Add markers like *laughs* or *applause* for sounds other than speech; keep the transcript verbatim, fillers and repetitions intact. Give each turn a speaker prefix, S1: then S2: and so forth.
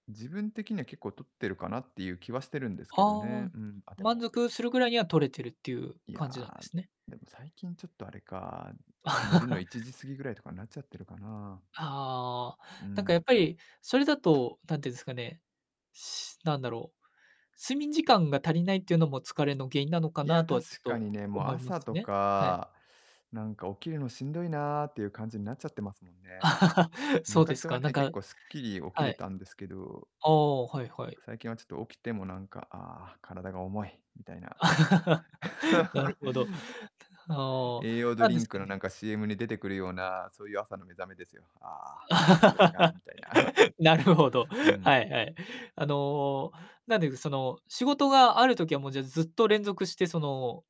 S1: 自分的には結構取ってるかなっていう気はしてるんですけ
S2: は
S1: ど
S2: あ
S1: ね。
S2: ん、
S1: うん、あ、で
S2: 満
S1: も
S2: 足するぐらいには取れてるっていう
S1: い
S2: 感じなんで
S1: や、
S2: すね。
S1: でも最近ちょっとあれか、寝るのいちじ過
S2: *laughs*
S1: ぎぐらいとかなっちゃってるかな。
S2: はあ。
S1: う
S2: なんか、や
S1: ん。
S2: っぱり、それだと、なんていうんですかね。しなんだろう。睡眠時間が足りないっていうのも疲れの原因なのか
S1: い
S2: な
S1: や、
S2: とはちょっ
S1: 確
S2: と
S1: かにね、も、
S2: 思いま
S1: 朝
S2: す
S1: と
S2: ね。はい。
S1: か、なんか、起きるのしんどいなっていう感じんなっちゃってますもんね。
S2: *laughs* そうです
S1: 昔は
S2: か。なん
S1: ね、結
S2: か
S1: 構スッキリ起き
S2: は
S1: れ
S2: い。
S1: たんですけど。
S2: ああ、はいは
S1: なんか、
S2: い。
S1: 最近はちょっと起きても、なんか、ああ、体が重い、みたいな。
S2: *laughs* なる
S1: *laughs*
S2: ほど。ては
S1: 栄養
S2: あ。
S1: ド
S2: なん
S1: リ
S2: です
S1: ンク
S2: か
S1: の、
S2: ね。
S1: なんか、CM に出てくるような、そういう朝の目覚めですよ。ああ、なんか、だるいなみたいな。
S2: *laughs* なるほど、
S1: *chuckles* うん。
S2: はいはい。あの、なんで、その、仕事がある時は、もう、じゃ、ずっと連続して、その